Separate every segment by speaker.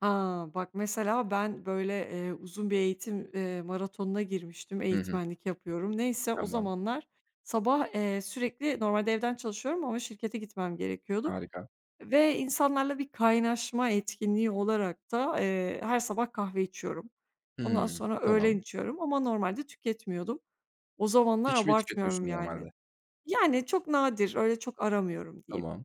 Speaker 1: A, bak mesela ben böyle, eee, uzun bir eğitim, eee, maratonuna girmiştim,
Speaker 2: Hı hı.
Speaker 1: eğitmenlik yapıyorum. Neyse, o
Speaker 2: Tamam.
Speaker 1: zamanlar sabah, eee, sürekli normalde evden çalışıyorum ama şirkete gitmem gerekiyordu
Speaker 2: Harika.
Speaker 1: ve insanlarla bir kaynaşma etkinliği olarak da, eee, her sabah kahve içiyorum. Ondan
Speaker 2: Hımm.
Speaker 1: sonra öğlen
Speaker 2: Tamam.
Speaker 1: içiyorum ama normalde tüketmiyordum. O zamanlar
Speaker 2: Hiç mi
Speaker 1: abartmıyorum
Speaker 2: tüketmiyorsun normalde?
Speaker 1: yani. Yani, çok nadir, öyle çok aramıyorum diyeyim.
Speaker 2: Tamam.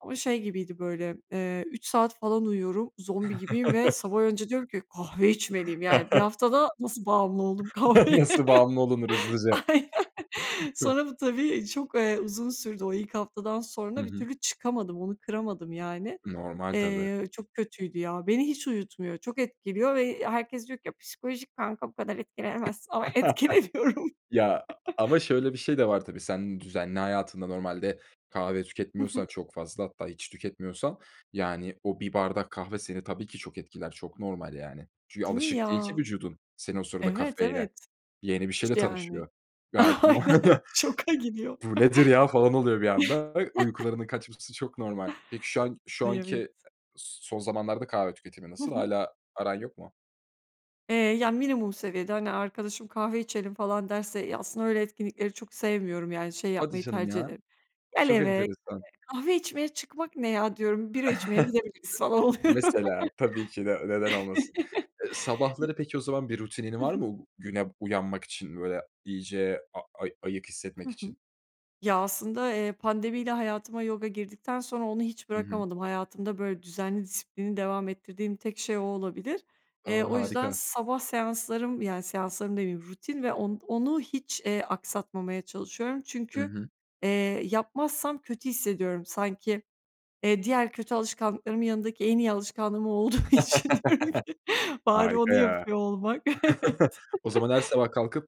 Speaker 1: Ama şey gibiydi böyle, eee, 3 saat falan uyuyorum, zombi gibiyim ve sabah önce diyorum ki: "Kahve içmeliyim." Yani 1 haftada nasıl bağımlı oldum kahveye?
Speaker 2: Nasıl bağımlı olunur hızlıca?
Speaker 1: Aynen. Sonra bu tabii çok, eee, uzun sürdü. O ilk haftadan
Speaker 2: Hı
Speaker 1: sonra bir
Speaker 2: hı.
Speaker 1: türlü çıkamadım, onu kıramadım yani.
Speaker 2: Normal tabii.
Speaker 1: Eee, çok kötüydü ya. Beni hiç uyutmuyor, çok etkiliyor ve, eee, herkes diyor ki: "Ya, psikolojik kanka, bu kadar etkilenemezsin." ama etkileniyorum.
Speaker 2: Ya a a ama şöyle bir şey de var tabii, sen düzenli hayatında normalde kahve
Speaker 1: Hı hı.
Speaker 2: tüketmiyorsan çok fazla hatta hiç tüketmiyorsan yani o bir bardak kahve seni tabii ki çok etkiler, çok normal yani. Çünkü
Speaker 1: Değil mi
Speaker 2: alışık değil
Speaker 1: ya?
Speaker 2: ki vücudun senin o sırada
Speaker 1: Evet,
Speaker 2: kafeine.
Speaker 1: evet.
Speaker 2: Yeni bir
Speaker 1: Hiç
Speaker 2: şeyle
Speaker 1: de, yani.
Speaker 2: tanışıyor. Gayet
Speaker 1: Aynen.
Speaker 2: [unintelligible]
Speaker 1: Şoka gidiyor.
Speaker 2: "Bu nedir ya falan oluyor bir anda." Uykularının kaçması çok normal. Peki şu an şu
Speaker 1: Ay,
Speaker 2: anki
Speaker 1: evet.
Speaker 2: s son zamanlarda kahve tüketimi
Speaker 1: Hı
Speaker 2: nasıl?
Speaker 1: hı.
Speaker 2: Hâlâ aran yok mu?
Speaker 1: Eee, yani, minimum seviyede hani, arkadaşım, "Kahve içelim." falan derse ya, aslında öyle etkinlikleri çok sevmiyorum yani şey
Speaker 2: Hadi
Speaker 1: yapmayı
Speaker 2: canım
Speaker 1: tercih
Speaker 2: ya.
Speaker 1: ederim, "Gel
Speaker 2: Çok
Speaker 1: eve,
Speaker 2: enteresan.
Speaker 1: [unintelligible] kahve içmeye çıkmak ne ya?" diyorum, "Bira içmeye gidebiliriz." falan oluyorum.
Speaker 2: Mesela. Tabii ki de. Neden olmasın? Eee, sabahları peki o zaman bir rutinin
Speaker 1: Hı
Speaker 2: var
Speaker 1: hı.
Speaker 2: mı u güne uyanmak için? Böyle iyice a ay ayık
Speaker 1: Hı
Speaker 2: hissetmek
Speaker 1: hı.
Speaker 2: için?
Speaker 1: Ya, aslında, eee, pandemiyle hayatıma yoga girdikten sonra onu hiç
Speaker 2: Hı hı.
Speaker 1: bırakamadım. Hayatımda böyle düzenli, disiplinli devam ettirdiğim tek şey o olabilir.
Speaker 2: A!
Speaker 1: Eee, o yüzden
Speaker 2: Harika.
Speaker 1: sabah seanslarım, yani, seanslarım demeyeyim, rutin ve on onu hiç, eee, aksatmamaya çalışıyorum.
Speaker 2: Hı
Speaker 1: Çünkü,
Speaker 2: hı.
Speaker 1: eee, yapmazsam kötü hissediyorum. Sanki, eee, diğer kötü alışkanlıklarımın yanındaki en iyi alışkanlığım o olduğu için diyorum ki: "Bari
Speaker 2: Harika
Speaker 1: onu
Speaker 2: ya!
Speaker 1: yapıyor olmak" Evet.
Speaker 2: O zaman her sabah kalkıp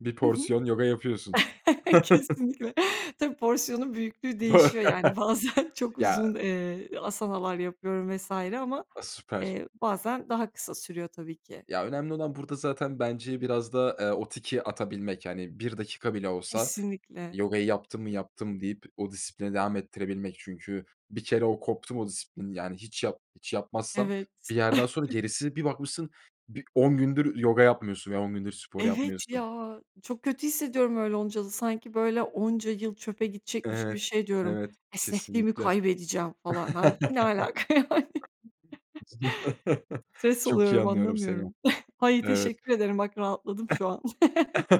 Speaker 2: bir
Speaker 1: Hı hı.
Speaker 2: porsiyon yoga yapıyorsun.
Speaker 1: Kesinlikle. Tabii, porsiyonun
Speaker 2: Bö
Speaker 1: büyüklüğü değişiyor yani bazen çok
Speaker 2: Ya
Speaker 1: uzun, eee, āsana'lar yapıyorum vs. ama,
Speaker 2: A, süper.
Speaker 1: eee, bazen daha kısa sürüyor tabii ki.
Speaker 2: Ya, önemli olan burada zaten bence biraz da, eee, o tiki atabilmek. Hani, 1 dakika bile olsa
Speaker 1: Kesinlikle.
Speaker 2: yogayı yaptım mı, yaptım deyip o disiplini devam ettirebilmek. Çünkü bir kere o koptu mu o disiplin yani hiç yap hiç yapmazsan
Speaker 1: Evet.
Speaker 2: bir yerden sonra gerisi bir bakmışsın bir 10 gündür yoga yapmıyorsun veya 10 gündür spor
Speaker 1: Evet
Speaker 2: yapmıyorsun.
Speaker 1: ya, çok kötü hissediyorum öyle olunca da sanki böyle onca yıl çöpe gidecekmiş gibi
Speaker 2: Evet,
Speaker 1: şey diyorum.
Speaker 2: evet
Speaker 1: "Esnekliğimi
Speaker 2: kesinlikle.
Speaker 1: kaybedeceğim falan." Hâlbuki ne alaka, yani? Stres
Speaker 2: Çok iyi
Speaker 1: oluyorum,
Speaker 2: anlıyorum seni.
Speaker 1: anlamıyorum. Ay,
Speaker 2: Evet.
Speaker 1: teşekkür ederim. Bak, rahatladım şu an.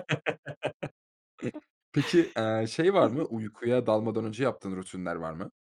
Speaker 2: Peki, eee, şey
Speaker 1: Hı
Speaker 2: var mı?
Speaker 1: hı.
Speaker 2: Uykuya dalmadan önce yaptığın rutinler var mı?